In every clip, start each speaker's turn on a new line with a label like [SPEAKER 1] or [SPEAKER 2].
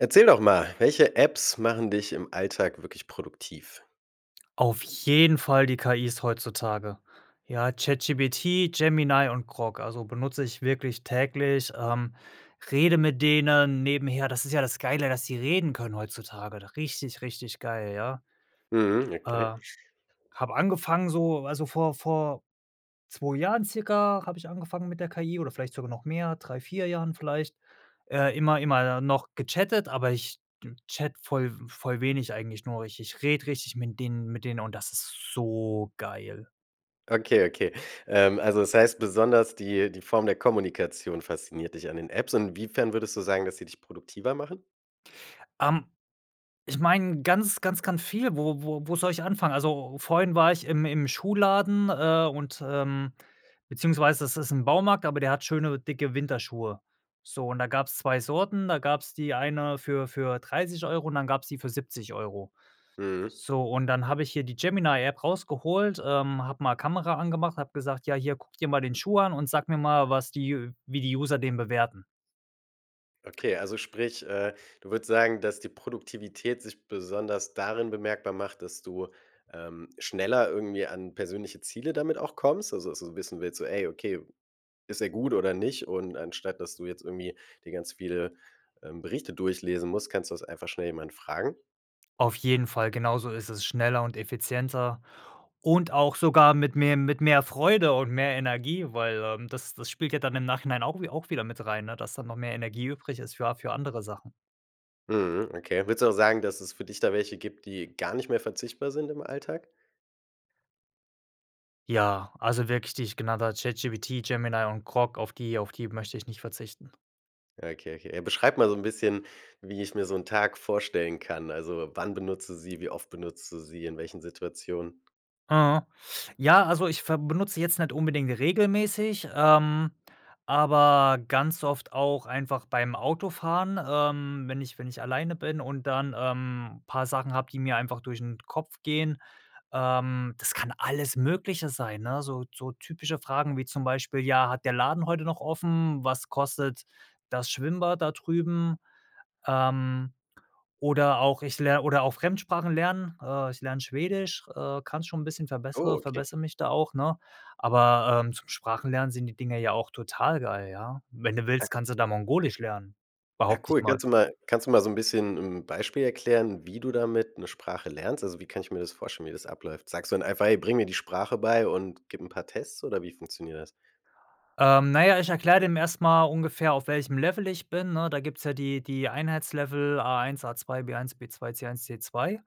[SPEAKER 1] Erzähl doch mal, welche Apps machen dich im Alltag wirklich produktiv?
[SPEAKER 2] Auf jeden Fall die KIs heutzutage. Ja, ChatGPT, Gemini und Grok, also benutze ich wirklich täglich, ähm, rede mit denen nebenher. Das ist ja das Geile, dass sie reden können heutzutage. Richtig, richtig geil, ja.
[SPEAKER 1] Mhm, okay.
[SPEAKER 2] Äh, habe angefangen so also vor vor 2 Jahren circa habe ich angefangen mit der KI oder vielleicht sogar noch mehr, 3, 4 Jahren vielleicht. Äh, immer immer noch gechattet, aber ich chatte voll voll wenig eigentlich nur. Ich ich rede richtig mit denen mit denen und das ist so geil.
[SPEAKER 1] Okay, okay. Ähm, also das heißt, besonders die die Form der Kommunikation fasziniert dich an den Apps. Und inwiefern würdest du sagen, dass sie dich produktiver machen?
[SPEAKER 2] Ähm, ich meine ganz ganz ganz viel, wo wo wo soll ich anfangen? Also, vorhin war ich im im Schuhladen, äh, und, ähm, beziehungsweise das ist im Baumarkt, aber der hat schöne dicke Winterschuhe. So und da gab's 2 Sorten. Da gab's die eine für für 30 € und dann gab's die für 70 €.
[SPEAKER 1] Mhm.
[SPEAKER 2] So und dann habe ich hier die Gemini-App rausgeholt, ähm, habe mal Kamera angemacht, habe gesagt: „Ja hier, guck dir mal den Schuh an und sag mir mal, was die wie die User den bewerten.“
[SPEAKER 1] Okay, also sprich, äh, du würdest sagen, dass die Produktivität sich besonders darin bemerkbar macht, dass du, ähm, schneller irgendwie an persönliche Ziele damit auch kommst? Also, so 'n bisschen wie jetzt so: „Ey, okay, ist er gut oder nicht?“ Und anstatt, dass du jetzt irgendwie dir ganz viele, ähm, Berichte durchlesen musst, kannst du das einfach schnell jemand fragen?
[SPEAKER 2] Auf jeden Fall. Genauso ist es, schneller und effizienter und auch sogar mit mehr mit mehr Freude und mehr Energie, weil, ähm, das das spielt ja dann im Nachhinein auch wie auch wieder mit rein, ne, dass da noch mehr Energie übrig ist für a für andere Sachen.
[SPEAKER 1] Mhm, okay. Würdest du auch sagen, dass es für dich da welche gibt, die gar nicht mehr verzichtbar sind im Alltag?
[SPEAKER 2] Ja, also wirklich die ich genannt habe. ChatGPT, Gemini und Grok, auf die auf die möchte ich nicht verzichten.
[SPEAKER 1] Okay, okay. Beschreibe mal so 'n bisschen, wie ich mir so 'n Tag vorstellen kann. Also, wann benutzt du sie, wie oft benutzt du sie, in welchen Situationen?
[SPEAKER 2] Mhm. Ja, also ich ver benutze sie jetzt nicht unbedingt regelmäßig, ähm, aber ganz oft auch einfach beim Autofahren, ähm, wenn ich wenn ich alleine bin und dann, ähm, paar Sachen habe, die mir einfach durch 'n Kopf gehen. Ähm, das kann alles Mögliche sein, ne? So so typische Fragen ,wie zum Beispiel, ja: „Hat der Laden heute noch offen? Was kostet das Schwimmbad da drüben?“ Ähm, oder auch ich ler oder auch Fremdsprachen lernen. Äh, ich lerne Schwedisch. Äh, kann es schon 'n bisschen.
[SPEAKER 1] Oh,
[SPEAKER 2] Verbessere
[SPEAKER 1] okay.
[SPEAKER 2] verbessere mich da auch, ne, aber, ähm, zum Sprachen lernen sind die Dinge ja auch total geil, ja. Wenn du willst, kannst du da mongolisch lernen,
[SPEAKER 1] Ja,
[SPEAKER 2] behaupte ich
[SPEAKER 1] cool.
[SPEAKER 2] mal.
[SPEAKER 1] Kannst du mal kannst du mal so 'n bisschen 'n Beispiel erklären, wie du damit 'ne Sprache lernst? Also, wie kann ich mir das vorstellen, wie das abläuft? Sagst du dann einfach: „Hey, bring mir die Sprache bei und gib 'n paar Tests.“ Oder wie funktioniert das?
[SPEAKER 2] Ähm, na ja, ich erkläre dem erst mal ungefähr, auf welchem Level ich bin, ne? Da gibt's ja die die Einheitslevel A1, A2, B1, B2, C1, C2.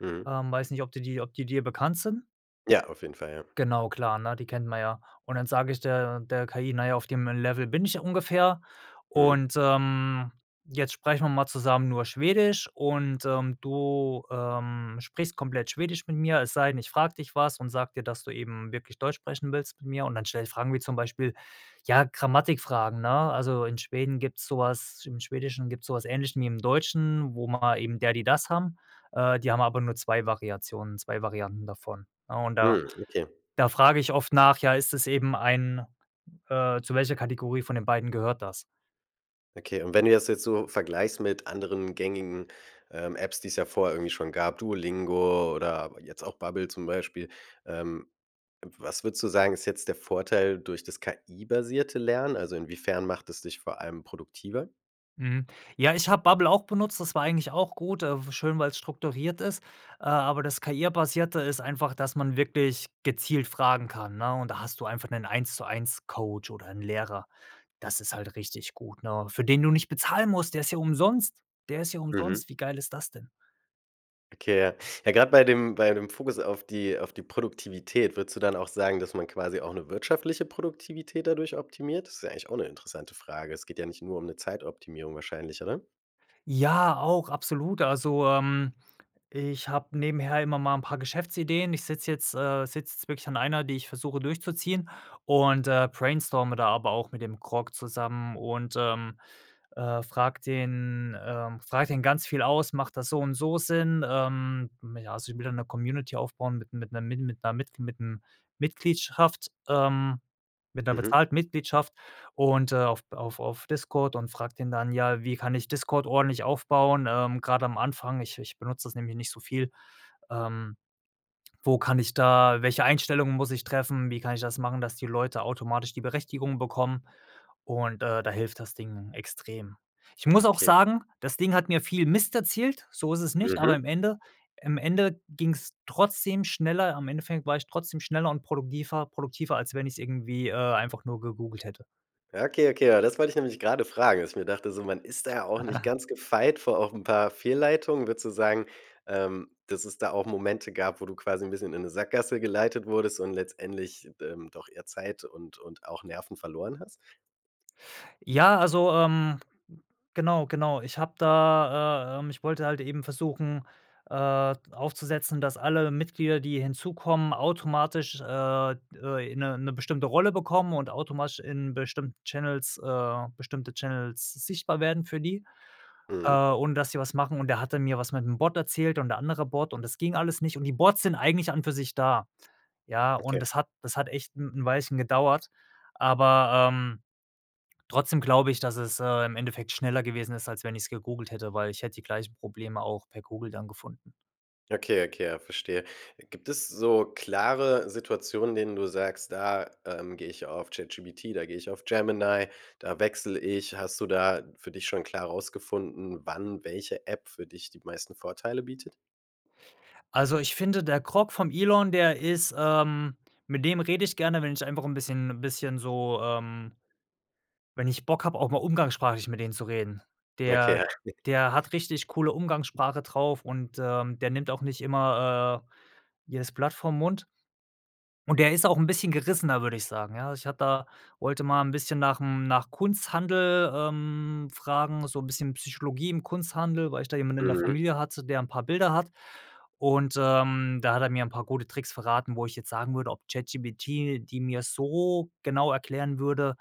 [SPEAKER 1] Mhm.
[SPEAKER 2] Ähm, weiß nicht, ob die dir ob die dir bekannt sind.
[SPEAKER 1] Ja, auf jeden Fall, ja.
[SPEAKER 2] Genau, klar, ne, die kennt man ja. Und dann sage ich der der KI: „Na ja, auf dem Level bin ich ja ungefähr
[SPEAKER 1] Mhm.
[SPEAKER 2] und, ähm, jetzt sprechen wir mal zusammen nur Schwedisch und, ähm, du, ähm, sprichst komplett Schwedisch mit mir, es sei denn, ich frage dich was und sage dir, dass du eben wirklich Deutsch sprechen willst mit mir“ und dann stelle ich Fragen wie zum Beispiel, ja, Grammatikfragen, ne? Also, in Schweden gibt's so was im Schwedischen gibt's so was Ähnliches, wie im Deutschen, wo man eben der, die, das haben. Äh, die haben aber nur 2 Variationen. 2 Varianten davon, ne, und da
[SPEAKER 1] Mhm, okay.
[SPEAKER 2] da frage ich oft nach: „Ja, ist das eben ein, äh zu welcher Kategorie von den beiden gehört das?“
[SPEAKER 1] Okay. Und wenn du das jetzt so vergleichst mit anderen gängigen, ähm, Apps, die's ja vorher irgendwie schon gab, Duolingo oder jetzt auch Babbel zum Beispiel, ähm, was würdest du sagen, ist jetzt der Vorteil durch das KI-basierte Lernen? Also, inwiefern macht es dich vor allem produktiver?
[SPEAKER 2] Mhm. Ja, ich habe Bubble auch benutzt, das war eigentlich auch gut, äh, w schön, weil es strukturiert ist, äh, aber das KI-basierte ist einfach, dass man wirklich gezielt fragen kann, ne, und da hast du einfach 'nen Eins-zu-eins-Coach oder 'n Lehrer. Das ist halt richtig gut, ne? Für den du nicht bezahlen musst, der ist ja umsonst, der ist ja
[SPEAKER 1] Mhm.
[SPEAKER 2] umsonst, wie geil ist das denn?
[SPEAKER 1] Okay, Ja. Ja, grade bei dem bei dem Fokus auf die auf die Produktivität, würdest du dann auch sagen, dass man quasi auch 'ne wirtschaftliche Produktivität dadurch optimiert? Das ist ja eigentlich auch 'ne interessante Frage. Es geht ja nicht nur um 'ne Zeitoptimierung wahrscheinlicher, oder?
[SPEAKER 2] Ja, auch absolut. Also, ähm, ich habe nebenher immer mal 'n paar Geschäftsideen. Ich sitze jetzt äh, sitze jetzt wirklich an einer, die ich versuche durchzuziehen und, äh, brainstorme da aber auch mit dem Grok zusammen und, ähm, äh, frage den, ähm, frage den ganz viel aus: „Macht das so und so Sinn?“ Ähm, mm, ja, also ich will da 'ne Community aufbauen mit mit 'ner mit 'ner mit 'nem Mitgliedschaft ähm, mit 'ner
[SPEAKER 1] Mhm.
[SPEAKER 2] bezahlten Mitgliedschaft und, äh, auf auf auf Discord und frage den dann: „Ja, wie kann ich Discord ordentlich aufbauen, ähm, gerade am Anfang? Ich ich benutze das nämlich nicht so viel. Ähm, wo kann ich da welche Einstellungen muss ich treffen? Wie kann ich das machen, dass die Leute automatisch die Berechtigung bekommen" und, äh, da hilft das Ding extrem. Ich muss auch
[SPEAKER 1] Okay.
[SPEAKER 2] sagen, das Ding hat mir viel Mist erzählt, so ist es nicht, aber
[SPEAKER 1] Mhm.
[SPEAKER 2] im Ende im Ende ging's trotzdem schneller. Im Endeffekt war ich trotzdem schneller und produkdiver produktiver, als wenn ich es irgendwie, äh, einfach nur gegoogelt hätte.
[SPEAKER 1] Ja, okay, okay, ja, das wollte ich nämlich grade fragen, dass ich mir dachte so: „Man ist da ja auch nicht ganz gefeit vor auch 'n paar Fehlleitungen?" Würdest du sagen, ähm, dass es da auch Momente gab, wo du quasi 'n bisschen in 'ne Sackgasse geleitet wurdest und letztendlich, ähm, doch eher Zeit und und auch Nerven verloren hast?
[SPEAKER 2] Ja, also, ähm, genau, genau. Ich habe da, äh, äh, ich wollte halt eben versuchen, äh, d aufzusetzen, dass alle Mitglieder, die hinzukommen, automatisch, äh, d äh, in 'ne 'ne bestimmte Rolle bekommen und automatisch in bestimmten Channels, äh, bestimmte Channels sichtbar werden für die, äh,
[SPEAKER 1] Mhm.
[SPEAKER 2] und dass sie was machen und da hat mir was mit 'm Bot erzählt und der andere Bot und das ging alles nicht und die Bots sind eigentlich an und für sich da, ja? Und
[SPEAKER 1] Okay.
[SPEAKER 2] das hat das hat echt 'n 'n Weilchen gedauert, aber, ähm, trotzdem glaube ich, dass es, äh, im Endeffekt schneller gewesen ist, als wenn ich's gegoogelt hätte, weil ich hätte die gleichen Probleme auch per Google dann gefunden.
[SPEAKER 1] Okay, okay, verstehe. Gibt es so klare Situationen, denen du sagst: „Da, ähm, gehe ich auf ChatGPT, da gehe ich auf Gemini, da wechsle ich?“ Hast du da für dich schon klar rausgefunden, wann welche App für dich die meisten Vorteile bietet?
[SPEAKER 2] Also, ich finde der Grok vom Elon, der ist, ähm mit dem rede ich gerne, wenn ich einfach 'n bisschen 'n bisschen so, ähm wenn ich Bock habe, auch mal umgangssprachlich mit denen zu reden.
[SPEAKER 1] Ja,
[SPEAKER 2] Der
[SPEAKER 1] okay.
[SPEAKER 2] der hat richtig coole Umgangssprache drauf und, ähm, der nimmt auch nicht immer, äh, jedes Blatt vorm Mund und der ist auch 'n bisschen gerissener, würde ich sagen, ja. Ich hatte da wollte mal 'n bisschen nach dem nach Kunsthandel, ähm, fragen, so 'n bisschen Psychologie im Kunsthandel, weil ich da jemanden in der
[SPEAKER 1] Mhm.
[SPEAKER 2] Familie hatte, der 'n paar Bilder hat und, ähm, da hat er mir 'n paar gute Tricks verraten, wo ich jetzt sagen würde, ob ChatGPT, die mir so genau erklären würde,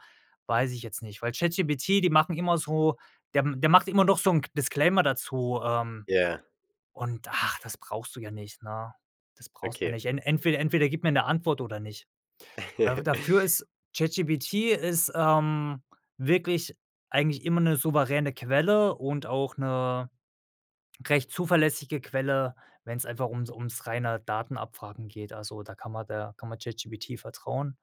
[SPEAKER 2] weiß ich jetzt nicht, weil ChatGPT, die machen immer so der der macht immer doch so 'n Disclaimer dazu, ähm,
[SPEAKER 1] Ja.
[SPEAKER 2] und, ah, das brauchst du ja nicht, ne? Das brauchst du ja
[SPEAKER 1] Okay.
[SPEAKER 2] nicht. En entweder entweder gib mir 'ne Antwort oder nicht. Da dafür ist ChatGPT ist, ähm, wirklich eigentlich immer 'ne souveräne Quelle und auch 'ne recht zuverlässige Quelle, wenn's einfach ums ums reine Datenabfragen geht. Also, da kann man der kann man ChatGPT vertrauen.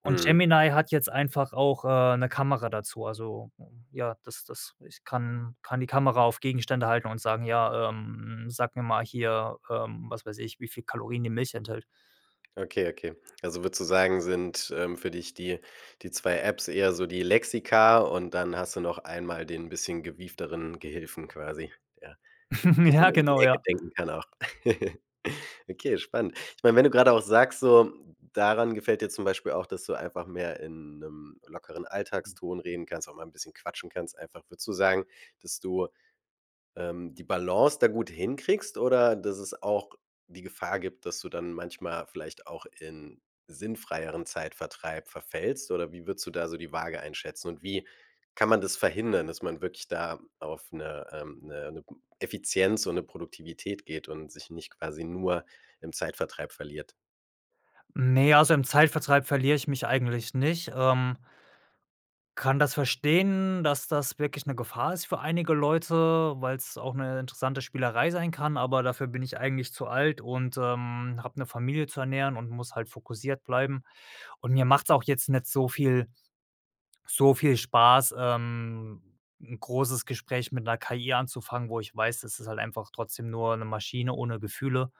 [SPEAKER 2] Und
[SPEAKER 1] Mhm.
[SPEAKER 2] Gemini hat jetzt einfach auch, äh, 'ne Kamera dazu. Also, ja, das das ich kann kann die Kamera auf Gegenstände halten und sagen: „Ja, ähm, sag mir mal hier, ähm, was weiß ich, wie viel Kalorien die Milch enthält.“
[SPEAKER 1] Okay, okay. Also, würdest du sagen, sind, ähm, für dich die die 2 Apps eher so die Lexika und dann hast du noch einmal den bisschen gewiefteren Gehilfen quasi, ja,
[SPEAKER 2] Ja,
[SPEAKER 1] bisschen um die
[SPEAKER 2] genau,
[SPEAKER 1] Ecke
[SPEAKER 2] ja.
[SPEAKER 1] denken kann auch. Okay, spannend. Ich meine, wenn du grade auch sagst so, daran gefällt dir zum Beispiel auch, dass du einfach mehr in 'nem lockeren Alltagston reden kannst, auch mal 'n bisschen quatschen kannst einfach. Würdest du sagen, dass du, ähm, die Balance da gut hinkriegst oder dass es auch die Gefahr gibt, dass du dann manchmal vielleicht auch in sinnfreieren Zeitvertreib verfällst? Oder wie würdest du da so die Waage einschätzen? Und wie kann man das verhindern, dass man wirklich da auf 'ne ähm, 'ne 'ne Effizienz und 'ne Produktivität geht und sich nicht quasi nur im Zeitvertreib verliert?
[SPEAKER 2] Ne, also im Zeitvertreib verliere ich mich eigentlich nicht, ähm kann das verstehen, dass das wirklich 'ne Gefahr ist für einige Leute, weil's auch 'ne interessante Spielerei sein kann, aber dafür bin ich eigentlich zu alt und, ähm, habe 'ne Familie zu ernähren und muss halt fokussiert bleiben. Und mir macht's auch jetzt nicht so viel so viel Spaß, ähm, 'n großes Gespräch mit 'ner KI anzufangen, wo ich weiß, das ist halt einfach trotzdem nur 'ne Maschine ohne Gefühle.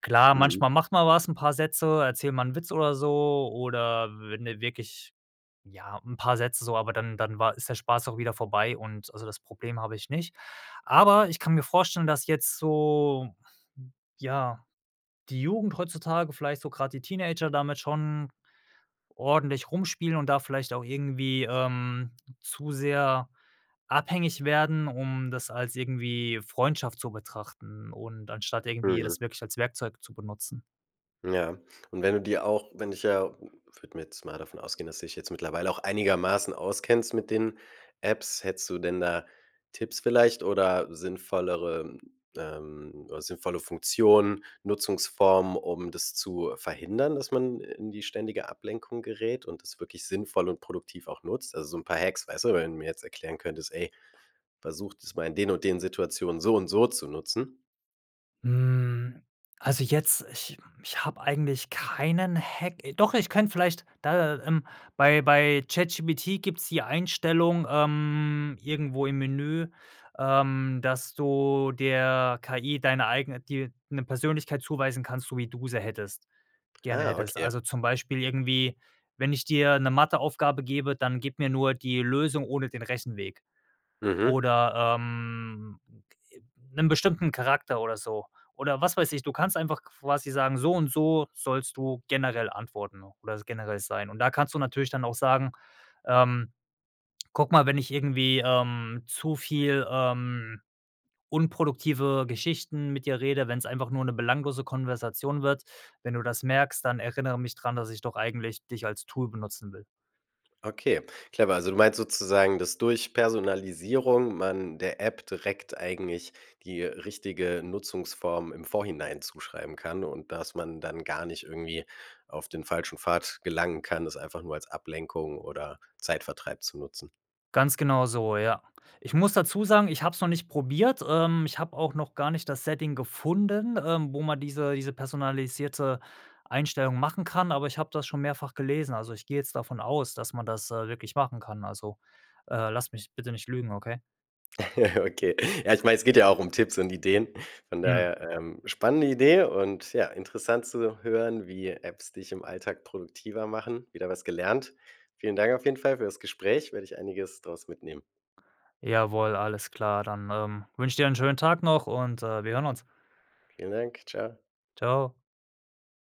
[SPEAKER 2] Klar,
[SPEAKER 1] Mhm.
[SPEAKER 2] manchmal macht man was 'n paar Sätze erzähl mal 'n Witz oder so oder wenn du wirklich, ja, 'n paar Sätze so, aber dann dann war ist der Spaß auch wieder vorbei und also, das Problem habe ich nicht. Aber ich kann mir vorstellen, dass jetzt so ja, die Jugend heutzutage, vielleicht so grade die Teenager damit schon ordentlich rumspielen und da vielleicht auch irgendwie, ähm, zu sehr abhängig werden, um das als irgendwie Freundschaft zu betrachten und anstatt irgendwie
[SPEAKER 1] Mhm.
[SPEAKER 2] das wirklich als Werkzeug zu benutzen.
[SPEAKER 1] Ja. Und wenn du dir auch wenn dich ja würde mir jetzt mal davon ausgehen, dass du dich jetzt mittlerweile auch einigermaßen auskennst mit den Apps, hättest du denn da Tipps vielleicht oder sinnvollere, ähm sinnvolle Funktionen, Nutzungsformen, um das zu verhindern, dass man in die ständige Ablenkung gerät und das wirklich sinnvoll und produktiv auch nutzt. Also so 'n paar Hacks. Weißt du, wenn du mir jetzt erklären könntest: „Ey, versuch das mal in den und den Situationen so und so zu nutzen.“
[SPEAKER 2] Hm, also jetzt ich ich habe eigentlich keinen Hack. Doch, ich könnte vielleicht da, ähm bei bei ChatGPT gibt's die Einstellung, ähm, irgendwo im Menü, ähm, dass du der KI deine eigene dir 'ne Persönlichkeit zuweisen kannst, so wie du sie hättest gerne
[SPEAKER 1] Ah,
[SPEAKER 2] hättest.
[SPEAKER 1] okay.
[SPEAKER 2] Also, zum Beispiel irgendwie: „Wenn ich dir 'ne Matheaufgabe gebe, dann gib mir nur die Lösung ohne den Rechenweg.“
[SPEAKER 1] Mhm.
[SPEAKER 2] Oder, ähm, 'nen bestimmten Charakter oder so oder was weiß ich, du kannst einfach quasi sagen: „So und so sollst du generell antworten oder generell sein“ und da kannst du natürlich dann auch sagen, ähm: „Guck mal, wenn ich irgendwie, ähm, zu viel, ähm, unproduktive Geschichten mit dir rede, wenn's einfach nur 'ne belanglose Konversation wird, wenn du das merkst, dann erinnere mich dran, dass ich doch eigentlich dich als Tool benutzen will.“
[SPEAKER 1] Okay. Clever, also du meinst sozusagen, dass durch Personalisierung man der App direkt eigentlich die richtige Nutzungsform im Vorhinein zuschreiben kann und dass man dann gar nicht irgendwie auf den falschen Pfad gelangen kann, das einfach nur als Ablenkung oder Zeitvertreib zu nutzen.
[SPEAKER 2] Ganz genau so, ja. Ich muss dazu sagen, ich habe es noch nicht probiert. Ähm, ich habe auch noch gar nicht das Setting gefunden, ähm, wo man diese diese personalisierte Einstellung machen kann, aber ich habe das schon mehrfach gelesen. Also, ich gehe jetzt davon aus, dass man das, äh, wirklich machen kann. Also, äh, lass mich bitte nicht lügen, okay?
[SPEAKER 1] Okay. Ja, ich meine, es geht ja auch um Tipps und Ideen. Von
[SPEAKER 2] Mhm.
[SPEAKER 1] daher, ähm, spannende Idee und ja, interessant zu hören, wie Apps dich im Alltag produktiver machen. Wieder was gelernt. Vielen Dank auf jeden Fall für das Gespräch. Werde ich einiges draus mitnehmen.
[SPEAKER 2] Jawohl, alles klar. Dann, ähm, wünsche ich dir 'n schönen Tag noch und, äh, wir hören uns.
[SPEAKER 1] Vielen Dank. Tschau.
[SPEAKER 2] Tschau.